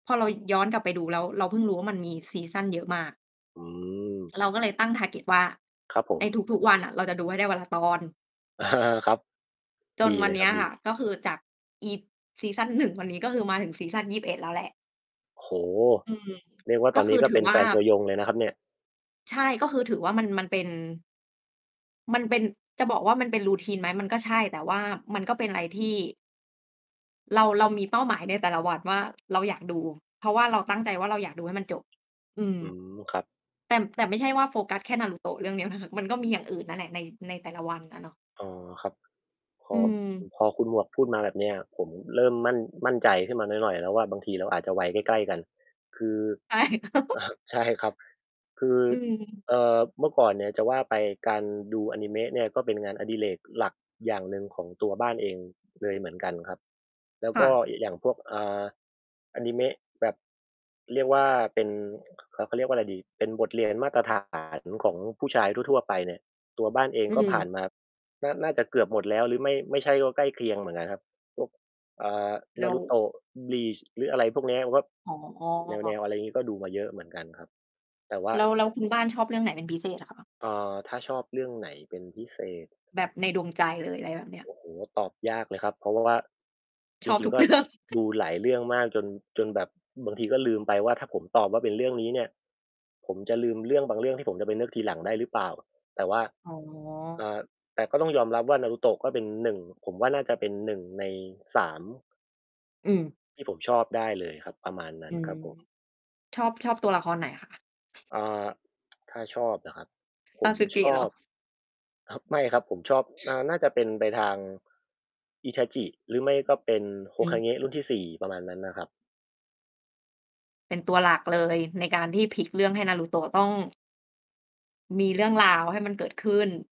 พอเราย้อนกลับไปดูแล้วเราเพิ่งรู้ว่า มันมีซีซันเยอะมาก อืม เราก็เลยตั้ง target ว่า ครับผใม นทุก ๆ วันน่ะเราจะดูให้ได้วันละตอน ครับ จดีนวเัลนยเนครี้ับ ยดค่ะ ี ก็คือจากอีซีซัน 1 วันนี้ มาถึงซีซัน 21 แล้วแหละ โอ้โฮ! อืม เรียกว่า กต็อนคนีื้อก็ถืเปอ็นวแ่ฟา นตัวยงเลยนะครับเนี่ย ใช่ ก็คือถือว่า มัน มันเป็น มันเป็น จะบอกว่า มันเป็น routine ไหม? มันก็ใช่ แต่ว่ามันก็เป็นไรที่ เรา เรามีเป้าหมายในแต่ละวันว่า เราอยากดู เพราะว่าเราตั้งใจว่า เราอยากดูให้มันจบ อืม อืม ครับ แต่ แต่ไม่ใช่ว่าโฟกัสแค่นารูโตะเรื่องเดียวนะคะ มันก็มีอย่างอื่นนั่นแหละ ใน ในแต่ละวัน น่ะเนาะ อ๋อ ครับ พออ ือือ ม พอคุณหมวกพูดมาแบบเนี้ย ผมเริ่มมั่น มั่นใจขึ้นมาหน่อย ๆ แล้วว่า บางทีเราอาจจะวัยใกล้ ๆ กัน คือ ใช่ อ่า ใช่ครับ คือ อืม เอ่อ เมื่อก่อนเนี่ย จะว่าไปการดูอนิเมะเนี่ยก็เป็นงานอดิเรกหลักอย่างหนึ่งของตัวบ้านเองเลยเหมือนกันครับ แล้วคก่็ะ เอะ อย่างพวก อ่า อนิเมะ แบบ เรียกว่า เป็น เขา เขาเรียกว่าไรดี เป็นบทเรียน มาตรฐาน ของผู้ชายทั่ว ๆ ไปเนี่ย ตัวบ้านเองอืก็ผ่านม มาน่า น่าจะเกือบหมดแล้ว หรือไม่ ไม่ใช่ก็ใกล้เคียงเหมือนกันครับ พวก อ่า แล้ว Naruto Bleach หรืออะไรพวกเนี้ย ก็ อ๋แนอ ว ๆ อะไรงี้ ก็ดูมาเยอะเหมือนกันครับ แต่ว่า แล้ว แล้วคุณบ้านชอบเรื่องไหนเป็นพิเศษ เหรอคะ? เอ่อ ถ้าชอบเรื่องไหนเป็นพิเศษ แบบในดวงใจเลย ไรแบบเนี้ย โอ้โฮ ตอบยากเลยครับ เพราะ ว่า ชจอบริทง ุๆ ก ก็เรื่อง ดูหลายเรื่องมากจน จนแบบบางทีก็ลืมไปว่า ถ้าผมตอบว่า เป็นเรื่องนี้เนี่ย ผมจะลืมเรื่องบางเรื่องที่ผมจะไปเลือกทีหลังได้หรือเปล่า แต่ว่า อ๋ออ ่า แต่ก็ต้องยอมรับว่า Naruto ก็เป็น 1 ผมว่าน่าจะเป็น 1 ใน 3 อืม ที่ผมชอบได้เลยครับ ประมาณนั้อืนครม ับผม ชอบ ชอบตัวละครไหน คะ? อ่า ถ้าชอบเหรอครับ? ผมชSasuke เอหรอ? บ ครับ ไม่ครับ ผมชอบ อ่า น่าจะเป็นไปทาง Itachi หรือไม่ก็เป็นโฮอืคาม เงะรุ่นที่ 4 ประมาณนั้นน่ะครับ เป็นตัวหลักเลย ในการที่พลิกเรื่องให้นารูโตะต้อง มีเรื่องอรืาวให้ม มันเกิดขึ้น